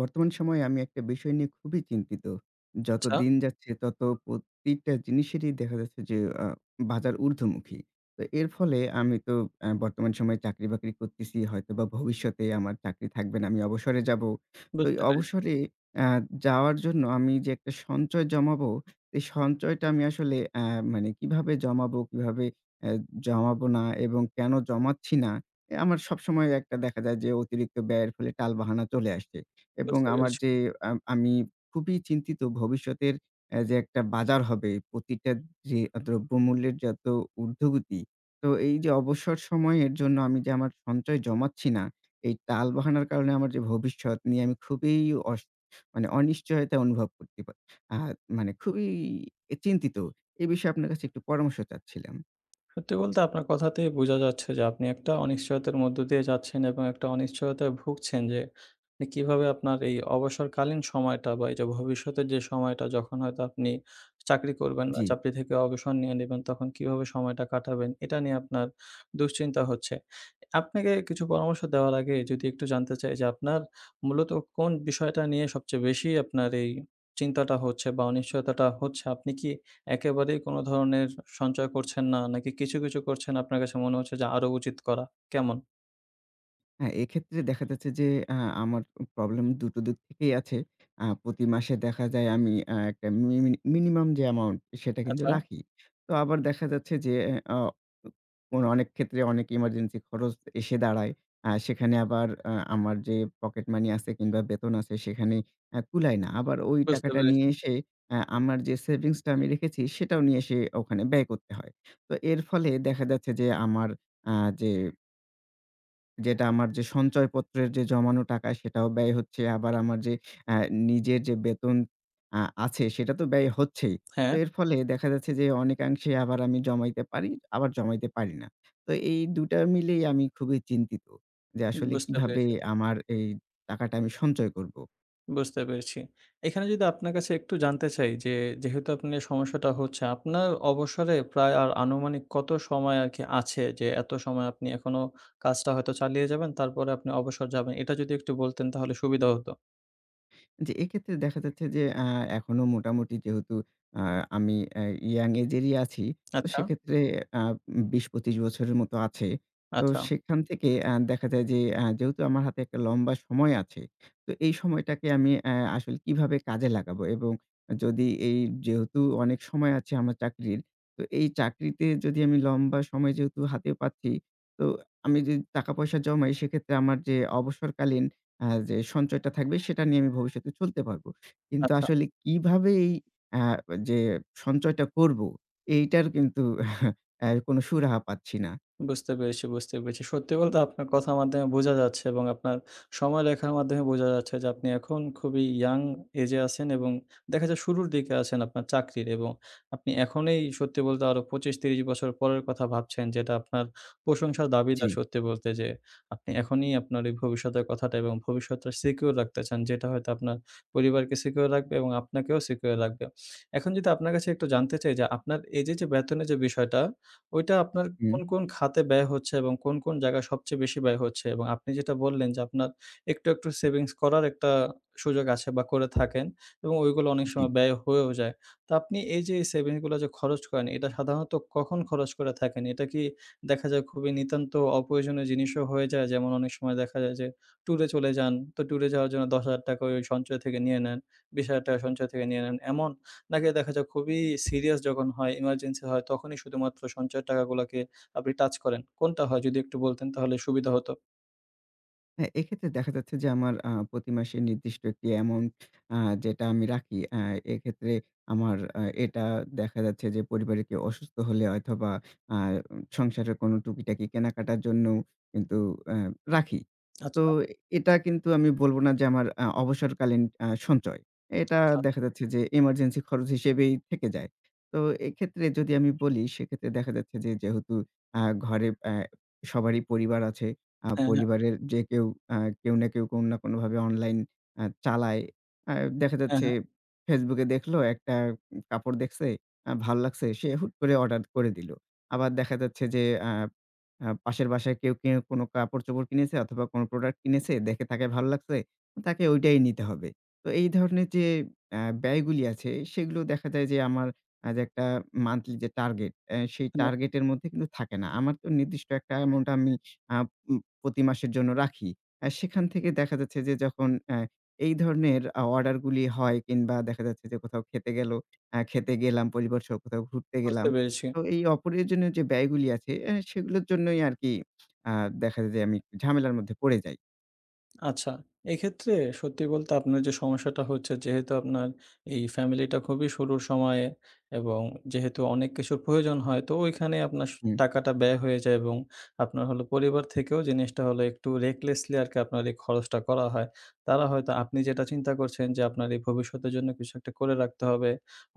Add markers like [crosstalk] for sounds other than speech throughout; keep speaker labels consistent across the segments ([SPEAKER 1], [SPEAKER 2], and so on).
[SPEAKER 1] বর্তমান সময়ে আমি একটা বিষয় নিয়ে খুবই চিন্তিত। যত
[SPEAKER 2] আচ্ছা।
[SPEAKER 1] দিন যাচ্ছে ততো প্রতিটা জিনিসেরই দেখা যাচ্ছে যে আ বাজার ঊর্ধ্বমুখী। তো এর ফলে আমি তো অ্যা বর্তমান সময়ে চাকরি-বাকরি করতেছি। হয়তোবা ভবিষ্যতে আমার চাকরি থাকবে না, আমি অবসরে যাবো। তো এই
[SPEAKER 2] বুঝতে পেরেছি।
[SPEAKER 1] অবসরে অ্যা যাওয়ার জন্য আমি যে একটা সঞ্চয় জমাবো, সেই সঞ্চয়টা আমি আসলে অ্যা মানে কিভাবে জমাবো, কিভাবে অ্যা জমাবো না এবং কেন জমাচ্ছি না এ আমার সবসময় একটা দেখা যায় যে অতিরিক্ত ব্যয়ের ফলে টাল-বাহানা চলে আসছে। এবং
[SPEAKER 2] বুঝতে
[SPEAKER 1] আমার
[SPEAKER 2] পেরেছি।
[SPEAKER 1] যে আম আমি খুবই চিন্তিত ভবিষ্যতের অ্যা যে একটা বাজার হবে, প্রতিটা যে দ্রব্যমূল্যের যত উর্ধ্বগতি, তো এই যে অবসর সময়ের জন্য আমি যে আমার সঞ্চয় জমাচ্ছি না, এই টাল-বাহানার কারণে আমার যে ভবিষ্যৎ নিয়ে আমি খুবই অশ মানে অনিশ্চয়তা অনুভব করতে পা আর মানে খুবই এ চিন্তিত। এই বিষয়ে আপনার কাছে একটু পরামর্শ চাচ্ছিলাম।
[SPEAKER 2] সত্যি বলতে আপনার কথাতেই বুঝা যাচ্ছে যে আপনি একটা অনিশ্চয়তার মধ্য দিয়ে যাচ্ছেন এবং একটা অনিশ্চয়তায় ভুগছেন যে নে কিভাবে আপনার এই অবসরকালীন সময়টা। বা এই যে ভবিষ্যতের যে সময়টা যখন হয়তো আপনি চাকরি করবেন না
[SPEAKER 1] জ্বি।
[SPEAKER 2] চাকরি থেকে অবসর নিয়ে নিবেন, তখন কিভাবে সময়টা কাটাবেন? এটা নিয়ে আপনার দুশ্চিন্তা হচ্ছে। আপনাকে কিছু পরামর্শ দেওয়ার আগে যদি একটু জানতে চাই যে আপনার মূলত কোন বিষয়টা নিয়ে সবচেয়ে বেশি আপনার এই চিন্তাটা হচ্ছে বা অনিশ্চয়তাটা হচ্ছে? আপনি কি একেবারেই কোনো ধরনের সঞ্চয় করছেন না? নাকি কিছু, কিছু করছেন আপনার কাছে মনে হচ্ছে যে আরও উচিত করা, কেমন?
[SPEAKER 1] হ্যাঁ, এক্ষেত্রে দেখা যাচ্ছে যে অ্যা আমার উম প্রবলেম ২ দিক থেকেই আছে। আ প্রতি মাসে দেখা যায় আমি অ্যা একটা মিনিমিনি মিনিমাম যে অ্যামাউন্ট, সেটা কিন্তু
[SPEAKER 2] আচ্ছা।
[SPEAKER 1] রাখি। তো আবার দেখা যাচ্ছে যে এ অ অনেক ক্ষেত্রে অনেক এমার্জেন্সি খরচ এসে দাঁড়ায়। আ সেখানে আবার আ আমার যে পকেট মানি আছে কিংবা বেতন আছে, সেখানে অ্যা কুলায় না। আবার ওই
[SPEAKER 2] বুঝতে
[SPEAKER 1] টাকাটা
[SPEAKER 2] পেরেছি।
[SPEAKER 1] নিয়ে এসে অ্যা আমার যে সেভিংস টা আমি রেখেছি, সেটাও নিয়ে এসে ওখানে ব্যয় করতে হয়। তো এর ফলে দেখা যাচ্ছে যে আমার আ যে যেটা আমার যে সঞ্চয়পত্রের যে জমানো টাকা, সেটাও ব্যয় হচ্ছে। আবার আমার যে অ্যা নিজের যে বেতন আ আছে, সেটা তো ব্যয় হচ্ছেই। তো
[SPEAKER 2] হ্যাঁ।
[SPEAKER 1] এর ফলে দেখা যাচ্ছে যে অনেকাংশে আবার আমি জমাইতে পারি, আবার জমাইতে পারি না। তো এই ২ মিলেই আমি খুবই চিন্তিত। যে
[SPEAKER 2] উম
[SPEAKER 1] আসলে
[SPEAKER 2] বুঝতে
[SPEAKER 1] কীভাবে
[SPEAKER 2] পেরেছি।
[SPEAKER 1] আমার এই টাকাটা আমি সঞ্চয় করব?
[SPEAKER 2] বুঝতে পেরেছি। এখানে যদি আপনার কাছে একটু জানতে চাই যে যেহেতু আপনে সমস্যাটা হচ্ছে, আপনার অবসরে প্রায় আর আনুমানিক কত সময় আর কি আছে? যে এত সময় আপনি এখনো কাজটা হয়তো চালিয়ে যাবেন তারপরে আপনি অবসর যাবেন। এটা যদি একটু বলতেন তাহলে সুবিধা হত।
[SPEAKER 1] জি, এই ক্ষেত্রে দেখা যাচ্ছে যে অ্যা এখনো মোটামুটি যেহেতু অ্যা আমি অ্যা ইয়াং এজেরই আছি। তো
[SPEAKER 2] আচ্ছা।
[SPEAKER 1] সেক্ষেত্রে আ উম ২০-২৫ বছরের মতো আছে। তো
[SPEAKER 2] আচ্ছা।
[SPEAKER 1] সেইখান থেকে অ্যা দেখা যায় যে অ্যা যেহেতু আমার হাতে একটা লম্বা সময় আছে, তো এই সময়টাকে আমি অ্যা আসলে কিভাবে কাজে লাগাবো এবং যদি এই যেহেতু অনেক সময় আছে আমার চাকরির। তো এই চাকরিতে যদি আমি লম্বা সময় যেহেতু হাতে পাচ্ছি, তো আমি যদি টাকা-পয়সা জমাই সেক্ষেত্রে আমার যে অবসরকালীন অ্যা যে সঞ্চয়টা থাকবে, সেটা নিয়ে আমি ভবিষ্যতে চলতে পারবো। কিন্তু
[SPEAKER 2] আচ্ছা।
[SPEAKER 1] আসলে কিভাবে এই অ্যা যে সঞ্চয়টা করবো, এইটার কিন্তু [chuckles] অ্যা কোনো সুরাহা পাচ্ছি না।
[SPEAKER 2] বুঝতে পেরেছি, বুঝতে পেরেছি। সত্যি বলতে আপনার কথার মাধ্যমে বুঝা যাচ্ছে এবং আপনার সময় দেখার মাধ্যমে বোঝা যাচ্ছে যে আপনি এখন খুবই ইয়াং এজে আছেন এবং দেখা যায় শুরুর দিকে আছেন আপনার চাকরির। এবং আপনি এখনেই সত্যি বলতে আরো ২৫-৩০ বছর পরের কথা ভাবছেন, যেটা আপনার প্রশংসার দাবিদার
[SPEAKER 1] জ্বি।
[SPEAKER 2] সত্যি বলতে যে আপনি এখনই আপনার এই ভবিষ্যতের কথাটা এবং ভবিষ্যৎটা সিকিউর রাখতে চান। যেটা হয়তো আপনার পরিবারকে সিকিউর রাখবে এবং আপনাকেও সিকিউর রাখবে। এখন যদি আপনার কাছে একটু জানতে চাই যে আপনার এই যে যে বেতনের যে বিষয়টা; ওইটা আপনার
[SPEAKER 1] হুম।
[SPEAKER 2] কোন, কোন খাতে ব্যয় হচ্ছে এবং কোন, কোন জায়গায় সবচেয়ে বেশি ব্যয় হচ্ছে? এবং আপনি যেটা বললেন যে আপনার একটু, একটু সেভিংস করার একটা সুযোগ আছে বা করে থাকেন, এবং ওইগুলো অনেক
[SPEAKER 1] জ্বী।
[SPEAKER 2] সময় ব্যয় হয়েও যায়। তো আপনি এই যে এই সেভিংসগুলা যে খরচ করেন এটা সাধারণত কখন খরচ করে থাকেন? এটা কি দেখা যায় খুবই নিতান্ত অপ্রয়োজনীয় জিনিসও হয়ে যায়? যেমন অনেক সময় দেখা যায় যে ট্যুরে চলে যান, তো ট্যুরে যাওয়ার জন্য ৳১০০০০ ওই ওই সঞ্চয় থেকে নিয়ে নেন, ৳২০০০০ সঞ্চয় থেকে নিয়ে নেন এমন? নাকি দেখা যায় খুবই সিরিয়াস যখন হয়, ইমার্জেন্সি হয়, তখনই শুধুমাত্র সঞ্চয়ের টাকাগুলাকে আপনি টাচ করেন? কোনটা হয় যদি একটু বলতেন তাহলে সুবিধা হতো।
[SPEAKER 1] হ্যাঁ, এক্ষেত্রে দেখা যাচ্ছে যে আমার আ প্রতি মাসে নির্দিষ্ট একটি অ্যামাউন্ট আ যেটা আমি রাখি। আ এক্ষেত্রে আমার আ এটা দেখা যাচ্ছে যে পরিবারে কেউ অসুস্থ হলে অথবা আ উ সংসারের কোনো টুকিটাকি কেনাকাটার জন্যও কিন্তু অ্যা রাখি। তো
[SPEAKER 2] আচ্ছা।
[SPEAKER 1] এটা কিন্তু আমি বলবো না যে আমার আ অবসরকালীন আ সঞ্চয়। এটা
[SPEAKER 2] আচ্ছা।
[SPEAKER 1] দেখা যাচ্ছে যে এমার্জেন্সি খরচ হিসেবেই থেকে যায়। তো এক্ষেত্রে যদি আমি বলি সেক্ষেত্রে দেখা যাচ্ছে যে যেহেতু আ ঘরে অ্যা সবারই পরিবার আছে। আ
[SPEAKER 2] হ্যাঁ, হ্যাঁ।
[SPEAKER 1] পরিবারের যে কেউ আ কেউ না কেউ কোনো না কোনভাবে অনলাইন আ চালায়। আ দেখা
[SPEAKER 2] হ্যাঁ,
[SPEAKER 1] যাচ্ছে
[SPEAKER 2] হ্যাঁ।
[SPEAKER 1] Facebook এ দেখলো, একটা উম কাপড় দেখছে আ ভাল লাগছে, সে হুট করে অর্ডার করে দিলো। আবার দেখা যাচ্ছে যে অ্যা অ্যা পাশের বাসায় কেউ, কেউ কোনো কাপড়-চোপড় কিনেছে অথবা কোনো প্রোডাক্ট কিনেছে, দেখে তাকে ভালো লাগছে। তাকে ঐটাই নিতে হবে। তো এই ধরনের যে অ্যা ব্যয়গুলি আছে সেগুলো দেখা যায় যে আমার অ্যা যে একটা মান্থলি যে টার্গেট, অ্যা সেই
[SPEAKER 2] হুম।
[SPEAKER 1] টার্গেট এর মধ্যে কিন্তু থাকে না। আমার তো নির্দিষ্ট একটা অ্যামাউন্ট আমি আ উম প্রতি মাসের জন্য রাখি। অ্যা সেখান থেকে দেখা যাচ্ছে যে যখন অ্যা এই ধরনের আ অর্ডার গুলি হয় কিংবা দেখা যাচ্ছে যে কোথাও খেতে গেলো, অ্যা খেতে গেলাম পরিবার সহ কোথাও ঘুরতে
[SPEAKER 2] বুঝতে
[SPEAKER 1] গেলাম।
[SPEAKER 2] পেরেছি।
[SPEAKER 1] তো এই অপ্রয়োজনীয় যে ব্যয়গুলি আছে, অ্যা সেগুলোর জন্যই আরকি আ দেখা যায় যে আমি একটু ঝামেলার মধ্যে পড়ে যাই।
[SPEAKER 2] আচ্ছা, এক্ষেত্রে সত্যি বলতে আপনার যে সমস্যাটা হচ্ছে যেহেতু আপনার এই ফ্যামিলিটা খুবই শুরুর সময়ে এবং যেহেতু অনেক কিছুর প্রয়োজন হয় তো ওইখানেই আপনার স
[SPEAKER 1] হুম।
[SPEAKER 2] টাকাটা ব্যয় হয়ে যায় এবং আপনার হল পরিবার থেকেও জিনিসটা হলো একটু recklessly আরকি আপনার এই খরচটা করা হয়। তারা হয়তো আপনি যেটা চিন্তা করছেন যে আপনার এই ভবিষ্যতের জন্য কিছু একটা করে রাখতে হবে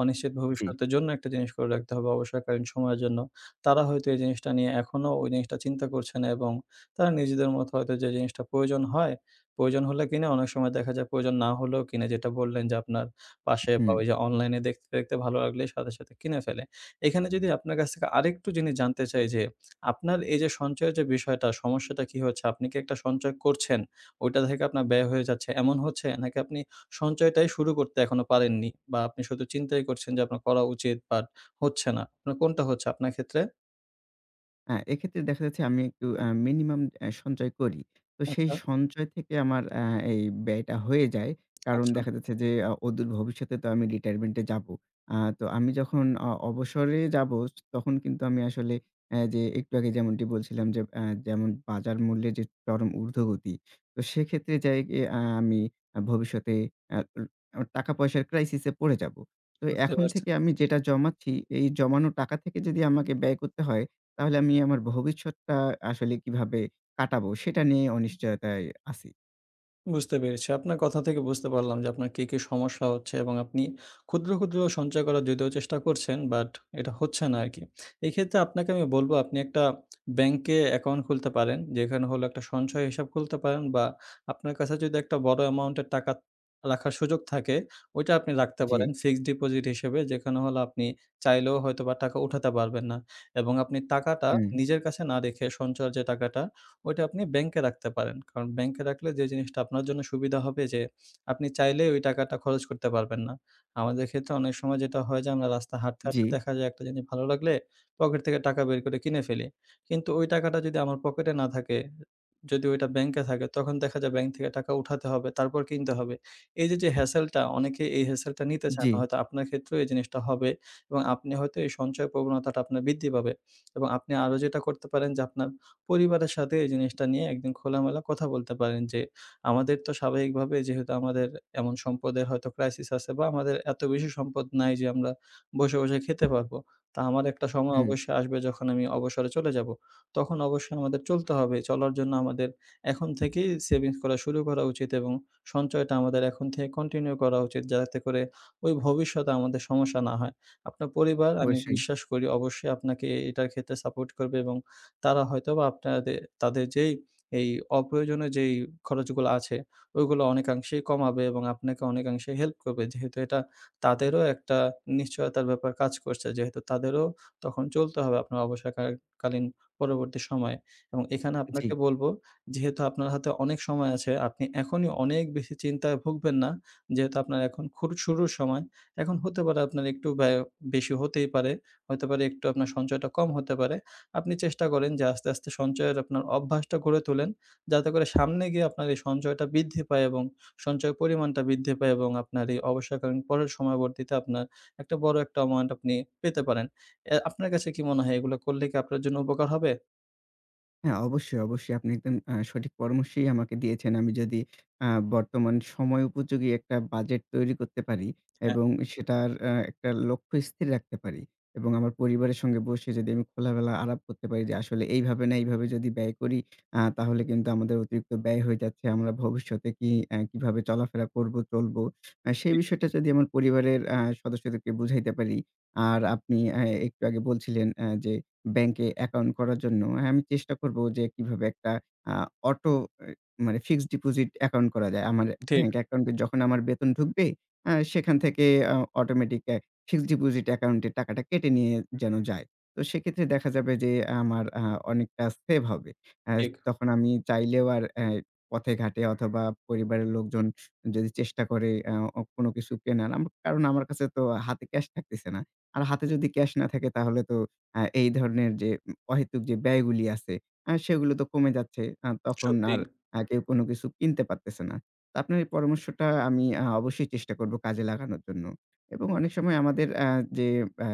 [SPEAKER 2] অনিশ্চিত
[SPEAKER 1] জি।
[SPEAKER 2] ভবিষ্যতের জন্য একটা জিনিস করে রাখতে হবে অবসরকালীন সময়ের জন্য, তারা হয়তো এই জিনিসটা নিয়ে এখনো ওই জিনিসটা চিন্তা করছে না এবং তারা নিজেদের মতো হয়তো যে জিনিসটা প্রয়োজন হয়, প্রয়োজন হলে কিনে অনেক সময় দেখা যায় প্রয়োজন না হলেও কিনে যেটা বললেন যে আপনার পাশে বা
[SPEAKER 1] হুম।
[SPEAKER 2] যে অনলাইনে দেখতে, দেখতে ভালো লাগলেই সাথে সাথে কিনে ফেলে। এখানে যদি আপনার কাছ থেকে আরেকটু জিনিস জানতে চাই যে আপনার এই যে সঞ্চয়ের যে বিষয়টা সমস্যাটা কী হচ্ছে আপনি কী একটা সঞ্চয় করছেন ওইটা থেকে আপনার ব্যয় হয়ে যাচ্ছে এমন হচ্ছে নাকি আপনি সঞ্চয়টাই শুরু করতে এখনো পারেননি বা আপনি শুধু চিন্তাই করছেন যে আপনার করা উচিত বাট হচ্ছে না আপনার কোনটা হচ্ছে আপনার ক্ষেত্রে?
[SPEAKER 1] হ্যাঁ, এক্ষেত্রে দেখা যাচ্ছে আমি একটু অ্যা মিনিমাম অ্যা সঞ্চয় করি। তো সেই
[SPEAKER 2] আচ্ছা।
[SPEAKER 1] সঞ্চয় থেকে আমার অ্যা এই ব্যয়টা হয়ে যায়।
[SPEAKER 2] [clicks tongue]
[SPEAKER 1] কারণ
[SPEAKER 2] আচ্ছা।
[SPEAKER 1] দেখা যাচ্ছে যে অ অদূর ভবিষ্যতে তো আমি রিটায়ারমেন্টে যাবো। আ তো আমি যখন অ অবসরে যাবো য তখন কিন্তু আমি আসলে অ্যা যে একটু আগে যেমনটি বলছিলাম অ্যা যেমন বাজার মূল্যের যে চরম ঊর্ধ্বগতি। তো সেক্ষেত্রে যাই অ্যা আ আমি ভবিষ্যতে এ্যা অ টাকা পয়সার ক্রাইসিসে পড়ে যাবো। তো
[SPEAKER 2] বুঝতে
[SPEAKER 1] এখন
[SPEAKER 2] পারছে।
[SPEAKER 1] থেকে আমি যেটা জমাচ্ছি এই জমানো টাকা থেকে যদি আমাকে ব্যয় করতে হয় তাহলে আমি আমার ভবিষ্যৎটা আ আসলে কিভাবে কাটাবো? সেটা নিয়ে অনিশ্চয়তায় আছি।
[SPEAKER 2] বুঝতে পেরেছি। আপনার কথা থেকে বুঝতে পারলাম যে আপনার কি, কি সমস্যা হচ্ছে, এবং আপনি ক্ষুদ্র, ক্ষুদ্র সঞ্চয় করার যদিও চেষ্টা করছেন বাট এটা হচ্ছে না আরকি। এইক্ষেত্রে আপনাকে আমি বলব আপনি একটা ব্যাংকে অ্যাকাউন্ট খুলতে পারেন যেখানে হলো একটা সঞ্চয় হিসাব খুলতে পারেন বা আপনার কাছে যদি একটা বড় অ্যামাউন্টের টাকা রাখার সুযোগ থাকে, ওইটা আপনি রাখতে পারেন
[SPEAKER 1] জ্বি।
[SPEAKER 2] ফিক্সড ডিপোজিট হিসেবে। যেখানে হল আপনি চাইলেও হয়তোবা টাকা উঠাতে পারবেন না। এবং আপনি টাকাটা
[SPEAKER 1] হুম।
[SPEAKER 2] নিজের কাছে না রেখে সঞ্চয়ের যে টাকাটা, ওইটা আপনি ব্যাংকে রাখতে পারেন। কারণ ব্যাংকে রাখলে যে জিনিসটা আপনার জন্য সুবিধা হবে যে আপনি চাইলেই ওই টাকাটা খরচ করতে পারবেন না। আমাদের ক্ষেত্রে অনেক সময় যেটা হয় যে আমরা রাস্তা হাঁটতে, হাঁটতে
[SPEAKER 1] জ্বি।
[SPEAKER 2] দেখা যায় একটা জিনিস ভালো লাগলে পকেট থেকে টাকা বের করে কিনে ফেলি। কিন্তু ওই টাকাটা যদি আমার পকেটে না থাকে, যদি ওইটা ব্যাংকে থাকে, তখন দেখা যায় ব্যাংক থেকে টাকা উঠাতে হবে তারপর কিনতে হবে। এই যে, যে hassle টা, অনেকে এই hassle টা নিতে চায় না।
[SPEAKER 1] জ্বি।
[SPEAKER 2] হয়তো আপনার ক্ষেত্রেও এই জিনিসটা হবে এবং আপনি হয়তো এই সঞ্চয় প্রবণতাটা আপনার বৃদ্ধি পাবে। এবং আপনি আরো যেটা করতে পারেন যে আপনার পরিবারের সাথে এই জিনিসটা নিয়ে একদিন খোলামেলা কথা বলতে পারেন। যে আমাদের তো স্বাভাবিকভাবে যেহেতু আমাদের এমন সম্পদে হয়তোবা ক্রাইসিস আছে বা আমাদের এত বেশি সম্পদ নাই যে আমরা বসে, বসে খেতে পারবো। তো আমার একটা সময়
[SPEAKER 1] হুম।
[SPEAKER 2] অবশ্যই আসবে যখন আমি অবসরে চলে যাবো। তখন অবশ্যই আমাদের চলতে হবে, চলার জন্য আমাদের এখন থেকেই সেভিংস করা শুরু করা উচিত এবং সঞ্চয়টা আমাদের এখন থেকে কন্টিনিউ করা উচিত। যাতে করে ওই ভবিষ্যতে আমাদের সমস্যা না হয়। আপনার পরিবার আমি
[SPEAKER 1] অবশ্যই।
[SPEAKER 2] বিশ্বাস করি অবশ্যই আপনাকে এই এইটার ক্ষেত্রে সাপোর্ট করবে। এবং তারা হয়তোবা আপনাদে তাদের যেই এই অপ্রয়োজনীয় যেই খরচগুলা আছে ওইগুলো অনেকাংশেই কমাবে এবং আপনাকে অনেকাংশে হেল্প করবে। যেহেতু এটা তাদেরও একটা নিশ্চয়তার ব্যাপার কাজ করছে যেহেতু তাদেরও তখন চলতে হবে আপনার অবসরকা কালীন পরবর্তী সময়ে। এবং এখানে
[SPEAKER 1] জ্বি।
[SPEAKER 2] আপনাকে বলবো যেহেতু আপনার হাতে অনেক সময় আছে, আপনি এখনই অনেক বেশি চিন্তায় ভুগবেন না। যেহেতু আপনার এখন খুর শুরুর সময়, এখন হতে পারে আপনার একটু ব্যয় বেশি হতেই পারে, হতে পারে একটু আপনার সঞ্চয়টা কম হতে পারে। আপনি চেষ্টা করেন যে আস্তে, আস্তে সঞ্চয়ের আপনার অভ্যাসটা গড়ে তোলেন। যাতে করে সামনে গিয়ে আপনার এই সঞ্চয়টা বৃদ্ধি পায় এবং সঞ্চয়ের পরিমাণটা বৃদ্ধি পায় এবং আপনার এই অবসরকালীন পরের সময়বর্তীতে আপনার একটা বড়ো একটা অ্যামাউন্ট আপনি পেতে পারেন। অ্যা আপনার কাছে কি মনে হয় এগুলা করলে কি আপনার জন্য উপকার হবে?
[SPEAKER 1] হ্যাঁ, অবশ্যই, অবশ্যই। আপনি একদম আ সঠিক পরামর্শই আমাকে দিয়েছেন। আমি যদি অ্যা বর্তমান সময় উপযোগী একটা বাজেট তৈরি করতে পারি
[SPEAKER 2] হ্যাঁ।
[SPEAKER 1] এবং সেটার অ্যা একটা লক্ষ্য স্থির রাখতে পারি এবং আমার পরিবারের সঙ্গে বসে যদি আমি খোলাবেলা আরাপ করতে পারি যে আসলে এইভাবে না এইভাবে যদি ব্যয় করি অ্যা তাহলে কিন্তু আমাদের অতিরিক্ত ব্যয় হয়ে যাচ্ছে। আমরা ভবিষ্যতে কি অ্যা কিভাবে চলাফেরা করবো চলবো। অ্যা সেই
[SPEAKER 2] ঠিক।
[SPEAKER 1] বিষয়টা যদি আমার পরিবারের অ্যা সদস্যদেরকে বুঝাইতে পারি। আর আপনি অ্যা একটু আগে বলছিলেন অ্যা যে ব্যাংকে অ্যাকাউন্ট করার জন্য হ্যাঁ, আমি চেষ্টা করব যে কিভাবে একটা অ্যা অটো অ্যা মানে ফিক্সড ডিপোজিট অ্যাকাউন্ট করা যায়। আমার
[SPEAKER 2] ঠিক।
[SPEAKER 1] ব্যাংক অ্যাকাউন্ট এ যখন আমার বেতন ঢুকবে অ্যা সেখান থেকে অ অটোমেটিক অ্যা ফিক্সড ডিপোজিট অ্যাকাউন্ট এ টাকাটা কেটে নিয়ে যেন যায়। তো সেক্ষেত্রে দেখা যাবে যে আমার অ্যা অনেকটা সেভ হবে। অ্যা
[SPEAKER 2] ঠিক।
[SPEAKER 1] তখন আমি চাইলেও আর অ্যা পথে ঘাটে অথবা পরিবারের লোকজন যদি চেষ্টা করে অ্যা অ কোনো কিছু কেনা। কারণ আমার কাছে তো হাতে ক্যাশ থাকতেছে না। আর হাতে যদি ক্যাশ না থাকে তাহলে তো আ এই ধরনের যে উম অহেতুক যে ব্যয়গুলি আছে অ্যা সেগুলো তো কমে যাচ্ছে। আ
[SPEAKER 2] সত্যি।
[SPEAKER 1] আর কেউ কোনো কিছু কিনতে পারতেছে না। তো আপনার এই পরামর্শটা আমি আ অবশ্যই চেষ্টা করব কাজে লাগানোর জন্য। এবং অনেক সময় আমাদের অ্যা যে অ্যা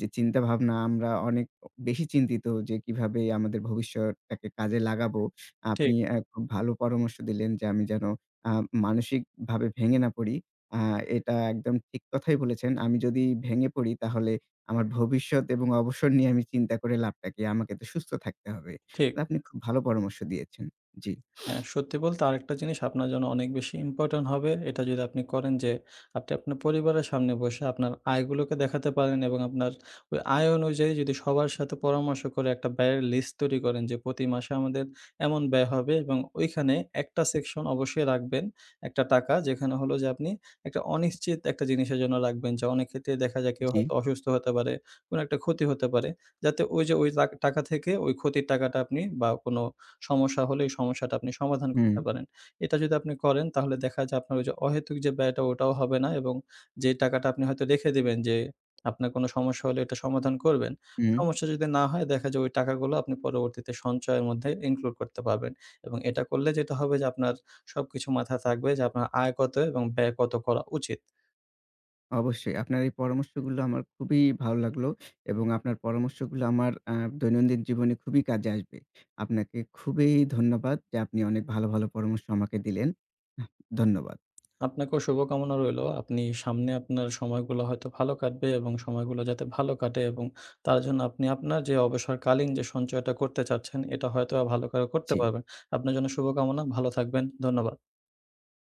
[SPEAKER 1] যে চিন্তাভাবনা আমরা অনেক অ বেশি চিন্তিত যে কিভাবে আমাদের ভবিষ্যতটাকে কাজে লাগাবো।
[SPEAKER 2] ঠিক।
[SPEAKER 1] আপনি অ্যা খুব ভালো পরামর্শ দিলেন যে আমি যেন অ্যা মানসিকভাবে ভেঙে না পড়ি। অ্যা এটা একদম ঠিক কথাই বলেছেন। আমি যদি ভেঙে পড়ি তাহলে আমার ভবিষ্যৎ এবং অবসর নিয়ে আমি চিন্তা করে লাভটা কি আমাকে তো সুস্থ থাকতে হবে।
[SPEAKER 2] ঠিক।
[SPEAKER 1] তো আপনি খুব ভালো পরামর্শ দিয়েছেন। জি।
[SPEAKER 2] অ্যা সত্যি বলতে আরেকটা জিনিস আপনার জন্য অনেক বেশি ইম্পোর্টেন্ট হবে। এটা যদি আপনি করেন যে আপনি আপনার পরিবারের সামনে বসে আপনার আয়গুলোকে দেখাতে পারেন এবং আপনার ওই আয় অনুযায়ী যদি সবার সাথে পরামর্শ করে একটা ব্যয়ের লিস্ট তৈরি করেন যে প্রতি মাসে আমাদের এমন ব্যয় হবে এবং ওইখানে একটা সেকশন অবশ্যই রাখবেন। একটা টাকা যেখানে হল যে আপনি একটা অনিশ্চিত একটা জিনিসের জন্য রাখবেন যে অনেক ক্ষেত্রে দেখা যায় কেউ
[SPEAKER 1] জ্বী।
[SPEAKER 2] হয়তো অসুস্থ হতে পারে, কোনো একটা ক্ষতি হতে পারে। যাতে ওই যে ওই লা টাকা থেকে ওই ক্ষতির টাকাটা আপনি বা কোনো সমস্যা হলে এই সমস্যাটা আপনি সমাধান
[SPEAKER 1] হুম।
[SPEAKER 2] করতে পারেন। এটা যদি আপনি করেন তাহলে দেখা যায় আপনার যে অহেতুক যে ব্যয়টা ওটাও হবে না এবং যে টাকাটা আপনি হয়তো রেখে দিবেন যে আপনার কোনো সমস্যা হলে এটা সমাধান করবেন।
[SPEAKER 1] হুম।
[SPEAKER 2] সমস্যা যদি না হয় দেখা যায় ওই টাকাগুলা আপনি পরবর্তীতে সঞ্চয়ের মধ্যে include করতে পারবেন। এবং এটা করলে যেটা হবে যে আপনার সবকিছু মাথা থাকবে যে আপনার আয় কত এবং ব্যয় কত করা উচিত।
[SPEAKER 1] অবশ্যই আপনার এই পরামর্শগুলো আমার খুবই ভালো লাগলো। এবং আপনার পরামর্শগুলো আমার অ্যা দৈনন্দিন জীবনে খুবই কাজে আসবে। আপনাকে খুবই ধন্যবাদ যে আপনি অনেক ভালো, ভালো পরামর্শ আমাকে দিলেন। ধন্যবাদ।
[SPEAKER 2] আপনাকেও শুভকামনা রইলো। আপনি সামনে আপনার সময়গুলো হয়তো ভালো কাটবে এবং সময়গুলো যাতে ভালো কাটে এবং তার জন্য আপনি আপনার যে অবসরকালীন যে সঞ্চয়টা করতে চাচ্ছেন এটা হয়তো আ ভালো করো করতে
[SPEAKER 1] জ্বি।
[SPEAKER 2] পারবেন। আপনার জন্য শুভকামনা। ভালো থাকবেন। ধন্যবাদ।